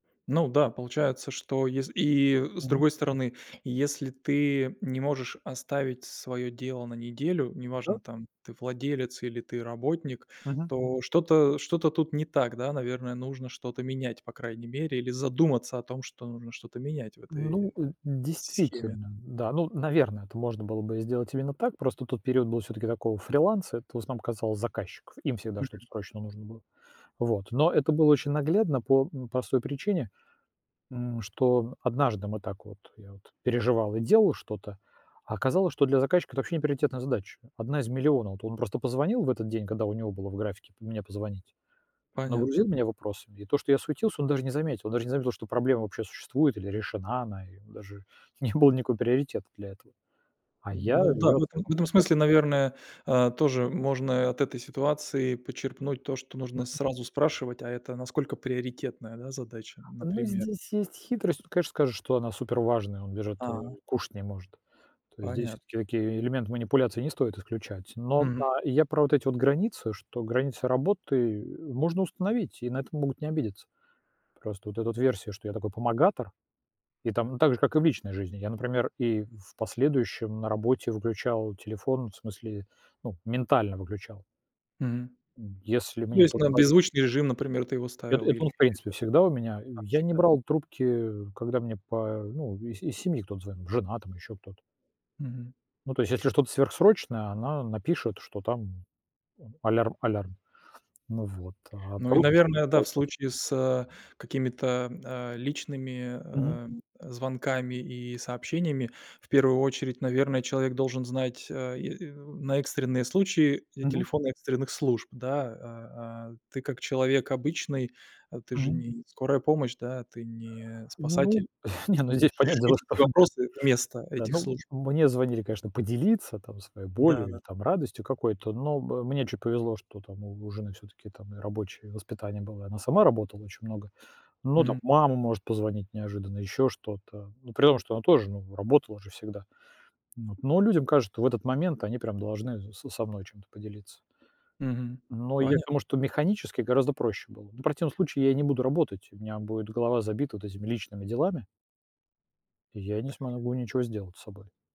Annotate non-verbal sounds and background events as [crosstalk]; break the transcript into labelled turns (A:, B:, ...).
A: Ну да, получается, что ес и с
B: Мгм.
A: другой стороны, если ты не можешь оставить своё дело на неделю,
B: Да.
A: неважно там ты владелец или ты работник,
B: Мгм.
A: то что-то, э, что-то тут не так, да, наверное, нужно что-то менять по крайней мере или задуматься о том, что нужно что-то менять в
B: Ну,
A: этой
B: э,
A: с схеме.
B: действительно, да, ну, наверное, это можно было бы сделать именно так, просто тот период был всё-таки такого фриланса, это в основном казалось заказчиков, им всегда что-то
A: Мгм.
B: срочно нужно было. Вот, но это было очень наглядно по, м, простой причине, м, что однажды мы так вот я вот переживал и делал что-то, а оказалось, что для заказчика это вообще не приоритетная задача, 1 из 1 000 000. Вот он просто позвонил в этот день, когда у него было в графике п мне позвонить,
A: Понятно.
B: нагрузил меня вопросами, и то, что я суетился, он даже не заметил, он даже не заметил, что проблема вообще существует или решена она, и даже не было никакого приоритета для этого, а я
A: Ну да,
B: ее
A: в этом
B: оценил.
A: в этом смысле,
B: [unintelligible]
A: наверное, а, тоже можно и от этой ситуации подчерпнуть то, что нужно
B: Мгм.
A: сразу спрашивать, а это насколько приоритетная, да, задача,
B: Ну
A: например.
B: здесь есть хитрость, тут конечно, скажешь, что она супер важная, он даже вот
A: А.
B: кушать не может, то есть здесь
A: Понятно.
B: всё-таки такие элементы манипуляции не стоит исключать, но,
A: Мгм.
B: а, я про вот эти вот границы, что границы работы, э, можно установить и на это могут не обидеться. Просто вот эта версия, что я такой помогатор, и там ну также, как и в личной жизни, я, например, и в последующем на работе выключал телефон, в смысле, ну, ментально выключал
A: Мгм.
B: м, если
A: Ну то
B: мне
A: есть
B: кто-то
A: на
B: звонил.
A: беззвучный режим, например, ты его
B: Это
A: ставил
B: это
A: или
B: он
A: это
B: в принципе всегда у меня, и
A: как
B: я не
A: всегда.
B: брал трубки когда мне па ну, из из семьи кто-то звонил жена, там ещё кто-то
A: Мгм.
B: ну, то есть, если что-то сверхсрочное, она напишет, что там, м, алярм, алярм. Ну вот, а
A: Ну и,
B: просто так
A: наверное, да, в
B: болтать.
A: случае с, э, какими-то, а, личными,
B: Мгм.
A: а, звонками и сообщениями, в первую очередь, наверное, человек должен знать, э, и на экстренные случаи, э,
B: Мгм.
A: телефон экстренных служб, да, а, а. Ты как человек обычный, а ты же не
B: Мгм.
A: не скорая помощь, да, ты не спасатель.
B: Ну,
A: Ты
B: [chuckles] не ну
A: не
B: здесь
A: можешь
B: понятное
A: решить
B: дело,
A: эти
B: что.
A: вопросы вместо
B: Да,
A: этих
B: ну,
A: служб.
B: м, мне звонили, конечно, поделиться там своей
A: Да
B: болью или
A: да.
B: там радостью какой-то, но м мне чуть повезло, что там у у жены всё-таки там и рабочее воспитание было, она сама работала очень много. Но там
A: Мгм.
B: мама может позвонить неожиданно, ещё что-то, ну при том, что она тоже ну работала же всегда. Вот. Но людям кажется, что в этот момент они должны с со мной чем-то поделиться.
A: Мгм,
B: Но я к
A: поня
B: тому что механически гораздо проще было, но в противном случае я и не буду работать, у меня будет голова забита вот этими личными делами и я не смогу ничего сделать с собой.